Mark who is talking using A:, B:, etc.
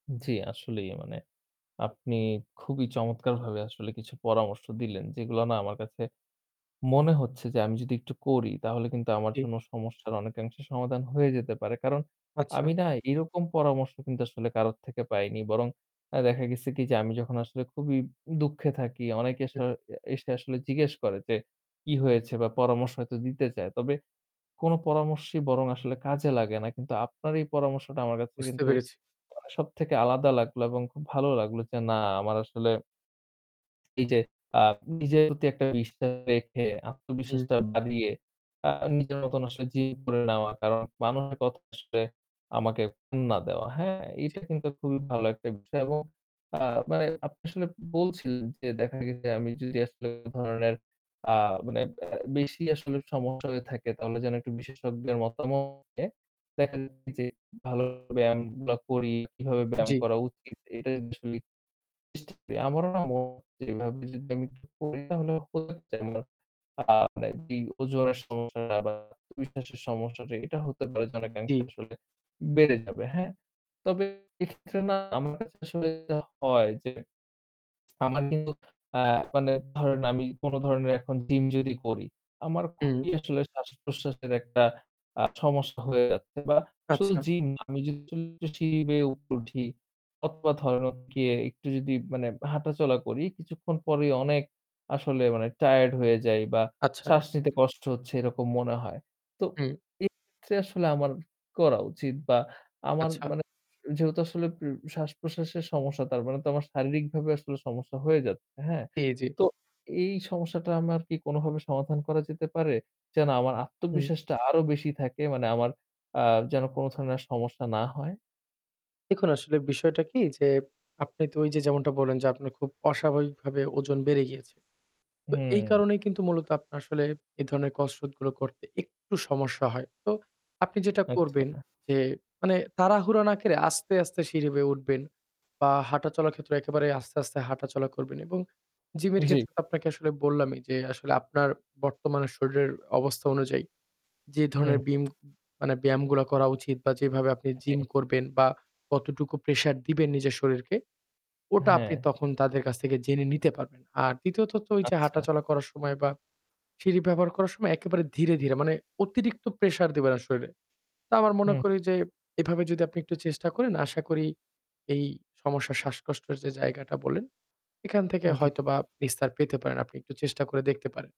A: জি, আসলেই মানে আপনি খুবই চমৎকারভাবে আসলে কিছু পরামর্শ দিলেন যেগুলো না আমার কাছে মনে হচ্ছে যে আমি যদি একটু করি তাহলে কিন্তু আমার
B: জি।
A: জন্য সমস্যার অনেকাংশে সমাধান হয়ে যেতে পারে। কারণ
B: আচ্ছা।
A: আমি না এরকম পরামর্শ কিন্তু আসলে কারো থেকে পাইনি। বরং অ্যা দেখা গেছে কি যে আমি যখন আসলে খুবই দুঃখে থাকি অনেকে স
B: হু।
A: অ্যা এসে আসলে জিজ্ঞেস করে, যে কি হয়েছে বা পরামর্শ হয়তো দিতে চায়। তবে কোন পরামর্শই বরং আসলে কাজে লাগে না। কিন্তু আপনার এই পরামর্শটা আমার কাছে
B: বুঝতে
A: কিন্তু
B: পেরেছি।
A: সবথেকে আলাদা লাগলো এবং খুব ভালো লাগলো যে না আমার আসলে এইযে আ নিজের প্রতি একটা বিশ্বাস রেখে
B: হু।
A: আত্মবিশ্বাসটা বাড়িয়ে আ নিজের মতন আসলে জীব করে নেওয়া। কারণ মানুষের কথা আসলে আমাকে [unintelligible] না দেওয়া। হ্যাঁ,
B: জি।
A: এটা কিন্তু খুবই ভালো একটা বিষয় এবং আ মানে আপনি আসলে বলছিলেন, যে দেখা গেছে আমি যদি আসলে এ ধরনের আ মানে অ্যা বেশি আসলে সমস্যা হয়ে থাকে তাহলে যেন একটু বিশেষজ্ঞদের মতামত নিয়ে দেখা যায় যে ভালো ব্যায়ামগুলা করি। কিভাবে ব্যায়াম
B: জি।
A: করা উচিত এটা আসলে আমারও না মনে যেভাবে যদি আমি একটু করি তাহলে [unintelligible] আ মানে যেই ওজনের সমস্যা বা আত্মবিশ্বাসের সমস্যাটা এটা হতে পারে যেন অনেকাংশে
B: জি।
A: আসলে বেড়ে যাবে। হ্যাঁ, তবে এক্ষেত্রে না আমার কাছে আসলে যা হয় যে আমার কিন্তু আ মানে ধরেন আমি কোন ধরনের এখন জিম যদি করি আমার
B: হুম।
A: খুবই আসলে শ্বাস-প্রশ্বাসের একটা আ সমস্যা হয়ে যাচ্ছে বা শুধু
B: আচ্ছা।
A: জিম না আমি যদি সিঁড়ি বেয়ে উপরে উঠি অথবা ধরেন গিয়ে একটু যদি মানে হাঁটাচলা করি কিছুক্ষণ পরেই অনেক আসলে মানে টায়ার্ড হয়ে যাই বা
B: আচ্ছা।
A: শ্বাস নিতে কষ্ট হচ্ছে এরকম মনে হয়। তো
B: হু।
A: এই ক্ষেত্রে আসলে আমার কি করা উচিত বা আমার
B: আচ্ছা।
A: মানে যেহেতু আসলে পু শ্বাস-প্রশ্বাসের সমস্যা তার মানে তো আমার শারীরিকভাবে আসলে সমস্যা হয়ে যাচ্ছে। হ্যাঁ,
B: জি, জি।
A: তো এই সমস্যাটা আমার কি কোনভাবে সমাধান করা যেতে পারে? যেন আমার
B: হু।
A: আত্মবিশ্বাসটা আরও বেশি থাকে মানে আমার আ যেন কোন ধরনের আর সমস্যা না হয়।
B: দেখুন, আসলে বিষয়টা কি যে, আপনি তো ওই যে যেমনটা বললেন, যে আপনার খুব অস্বাভাবিকভাবে ওজন বেড়ে গিয়েছে। তো এই
A: হুম।
B: কারণেই কিন্তু মূলত আপনার আসলে এই ধরনের কসরত গুলো করতে একটু সমস্যা হয়। তো আপনি যেটা করবেন
A: আচ্ছা।
B: যে মানে তাড়াহুড়া না করে আস্তে, আস্তে সিঁড়ি বেয়ে উঠবেন বা হাঁটাচলার ক্ষেত্রে একেবারেই আস্তে, আস্তে হাঁটাচলা করবেন এবং জিমের
A: জি।
B: ক্ষেত্রে তো আপনাকে আসলে বললামই যে আসলে আপনার বর্তমান শরীরের অবস্থা অনুযায়ী যে
A: হুম,
B: ধরনের
A: হু।
B: বিম মানে ব্যায়ামগুলো করা উচিত বা যেভাবে আপনি
A: জি।
B: জিম করবেন বা কতটুকু pressure দিবেন নিজের শরীরকে, ওটা আপনি
A: হ্যাঁ।
B: তখন তাদের কাছ থেকে জেনে নিতে পারবেন। আর দ্বিতীয়ত তো ওই যে
A: আচ্ছা।
B: হাঁটাচলা করার সময় বা সিঁড়ি ব্যবহার করার সময় একেবারে ধীরে, ধীরে মানে অতিরিক্ত pressure দিবেন না শরীরে। তা আমার মনে
A: হুম।
B: করি যে এভাবে যদি আপনি একটু চেষ্টা করেন আশা করি এই সমস্যা শ্বাসকষ্টের যে জায়গাটা বলেন সেখান থেকে
A: জি।
B: হয়তোবা নিস্তার পেতে পারেন। আপনি একটু চেষ্টা করে দেখতে পারেন।